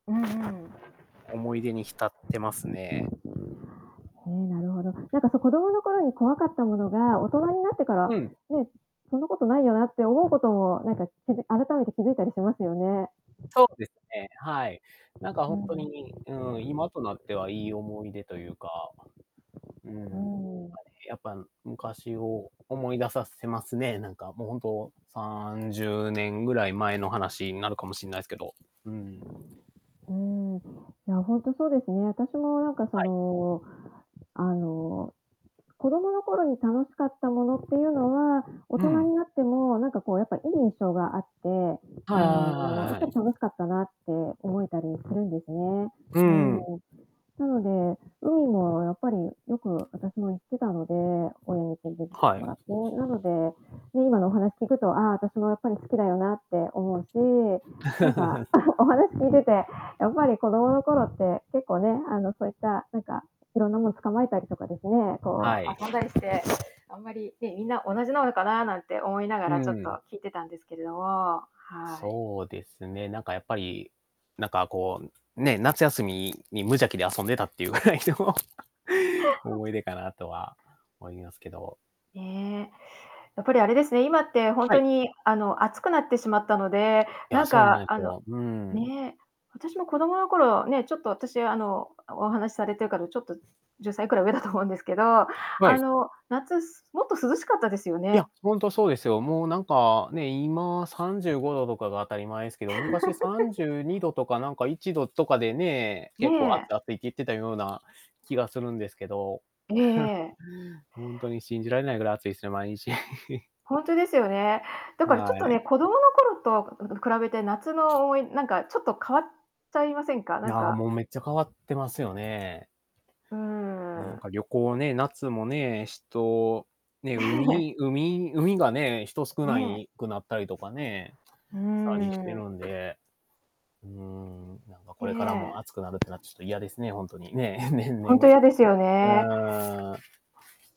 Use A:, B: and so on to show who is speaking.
A: うんうん。
B: 思い出に浸ってますね。
A: ええ、なるほど。なんかそ子供の頃に怖かったものが、大人になってから、
B: うん。
A: ね、そんなことないよなって思うことも、なんかきづ改めて気づいたりしますよね。
B: そうですね。はい。なんか
A: う
B: 本当
A: ん。
B: に、うん、今となってはいい思い出というか、うん、なんか
A: う
B: ね、
A: ん。
B: やっぱ昔を思い出させますね。なんか、もう本当30年ぐらい前の話になるかもしんないすけど、うん。
A: うーん、いや、本当そうですね。私もなんかそ
B: はい。
A: の、あの子供の頃に楽しかったものっていうのは、大
B: う
A: 人
B: ん。
A: になってもなんかこうやっぱいい印象があって、
B: は
A: あ
B: いはいはい
A: の、や
B: は
A: っ
B: いは
A: ぱり
B: い。
A: 楽しかったなって思えたりするんですね。
B: う
A: うん。
B: ん。
A: なので、海もやっぱりよく私も行ってたので、親に連れてきて
B: は
A: も
B: い。
A: らって。なので、で、今のお話聞くと、ああ、私もやっぱり好きだよなって思うし、なんか お話聞いてて、やっぱり子供の頃って、結構ね、あの、そういった、なんか、いろんなもの捕まえたりとかですね、こ
B: はい。
A: う遊んだりして、あんまり、ね、みんな同じなのかななんて思いなが
B: う
A: ら、ちょっと
B: ん。
A: 聞いてたんですけれども、はい。
B: そうですね。なんかやっぱり、なんかこう、ね、夏休みに無邪気で遊んでたっていうぐらいの、思い出かなとは思いますけど。
A: ね、やっぱりあれですね、今って本
B: は
A: 当
B: い。
A: にあの暑くなってしまったので、
B: い
A: な
B: や、
A: ん
B: そうな
A: か
B: んで
A: あ
B: す
A: の、
B: よ。うん。
A: ね私も子供の頃、ね、ちょっと私あのお話しされてるからちょっと10歳くらい上だと思うんですけど
B: は
A: あ
B: い。
A: の、夏もっと涼しかったですよ
B: い
A: ね。
B: や、本当そうですよ。もうなんか、ね、今35度とかが当たり前ですけど、昔さんじ ゅうにどとかなんか1度とかでね、
A: ね
B: 結構暑
A: え。
B: い暑いって言ってたような気がするんですけど
A: ええ。
B: 本当に信じられないぐらい暑いですね、毎日。
A: 本当ですよね、だからち
B: は
A: ょっと
B: い。
A: ね、子供の頃と、うう、比べて夏の、思いなんかちょっと変わっちゃいませんか？
B: い
A: なん
B: や、
A: か
B: もうめっちゃ変わってますよね。
A: うー
B: もなん
A: ん。
B: か旅行ね、夏もね、人、ね、
A: ねえ。
B: 海海海がね、人少な
A: ね。
B: いくなったりとかね、
A: う
B: さらにしたりして
A: ーん。
B: るんで。うーん、なんかこれからも
A: ね
B: 暑
A: え。
B: くなるっていうのはちょっと嫌ですね、本当に、ね、年
A: 本
B: 々、
A: 当嫌ですよね。
B: あー。